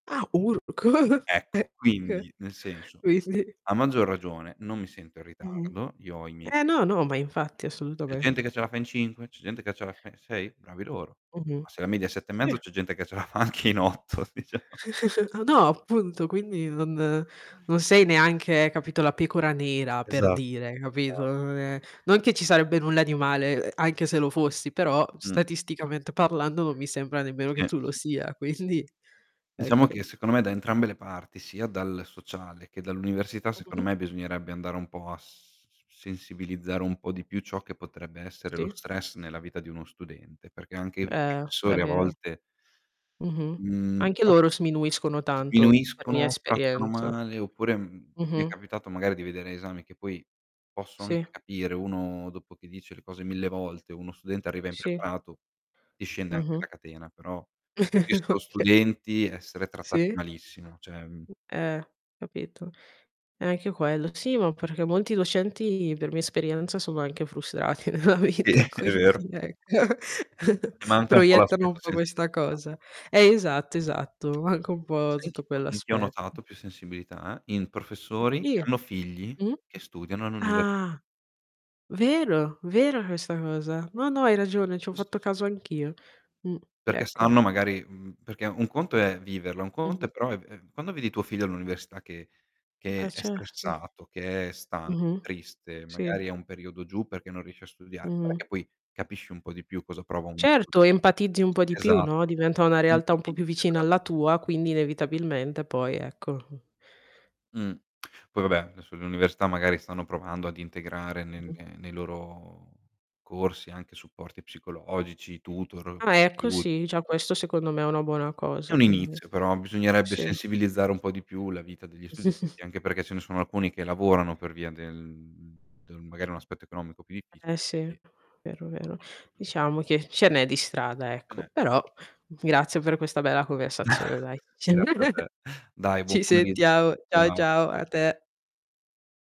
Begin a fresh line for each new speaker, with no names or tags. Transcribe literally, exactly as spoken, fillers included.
Ah ur c
Ecco,
[unintelligible]
quindi nel senso
quisdi
a maggior ragione, non mi sento in
Mh-mh.
ritardo, io ho i miei
Eh, no, no, ma infatti
C'è gente che
assolutamente.
ce la fa in cinque, c'è gente che ce la fa in sei, bravi loro.
Mh-mh,
Ma se la media è sette e
si.
mezzo c'è gente che ce la fa anche in otto diciamo.
A no appunto quindi non non sei neanche, capito, la pecora nera per
Esatto.
dire, capito,
[unintelligible]
non è non che ci sarebbe nulla di male, ehm, anche se lo fossi, però
Mh.
statisticamente parlando, non mi sembra nemmeno che
Sì,
tu lo
sì, sì.
sia quindi
Diciamo
ecco.
che secondo me da entrambe le parti sia dal sociale, che dall'università
Mh, mh, mh.
secondo me bisognerebbe andare un po' a s s sensibilizzare un po' di più ciò che potrebbe essere lo
Sì.
stress nella vita di uno studente, perché anche i
Eh, è
professori a
vero.
volte
Mh-mh.
Mhmm,
Anche
pro
loro sminuiscono tanto per mia
Sminuiscono, trattano
esperienza.
male oppure, mhmm, mi è
Mh-mh.
capitato magari di vedere esami che poi posso
Sì.
anche capire uno dopo che dice le cose mille volte uno studente arriva
Sì.
impreparato, ti scende anche
Mh-mh.
la catena però ho visto
Oka
studenti essere trattati
sì?
malissimo, ceh, mhmm
Eh, capito. E anche quello sì, ma perché molti docenti, per mia esperienza, sono anche frustrati nella
Sì,
vita
è vero.
quindi ecco,
E manca un po'
proiettano
l'aspetto
un po' questa
sensibilità.
cosa. Eh, esatto, esatto, manca un po'
Sai in
tutto
chi ho in chi ho
quell'aspetto.
notato più, sensibilità, eh, in professori che
[unintelligible]
hanno figli
Mh?
che studiano all'università.
Ah. Vero, vera questa cosa. No, no hai ragione, ci ho
Questo
fatto
sì.
caso anch'io. Mhmm,
Perché
ecco.
sanno magari mhmm, perché un conto è viverla, un conto è
Mh-mh.
però è v ehm, quando vedi tuo figlio all'università che
Eh
che è
certo.
stressato, che è stanco,
Mh-mh,
triste,
sì.
magari è un periodo giù perché non riesce a studiare, guarda
Mh-mh.
che poi capisci un po' di più cosa prova un [unintelligible]
Certo empatizzi un po' di più,
Esat
no, diventa una realtà un
infatti
po' più
inizia
vicina
tra
alla tua quindi inevitabilmente poi ecco.
Mh, poi vabbè adesso l'università magari stanno provando ad integrare nel
Mh-mh.
nei loro corsi anche supporti psicologici, tutor,
Ah, ecco
aiuti.
sì,
[unintelligible]
già questo secondo me è una buona
È
cosa
un
quindi.
inizio però bisognerebbe
Sì.
sensibilizzare un po' di più la vita degli studenti, anche perché ce ne sono alcuni che lavorano per via del mhmm, del magari un aspetto economico più
Eh
difficile,
sì,
quindi
vero, vero.
[unintelligible]
Diciamo che ce n'è di strada ecco,
[unintelligible]
però grazie per questa bella conversazione dai.
Grazie a te. Dai buon
Ci
pomeriggio,
sentiamo ciao,
ciao.
ciao a te.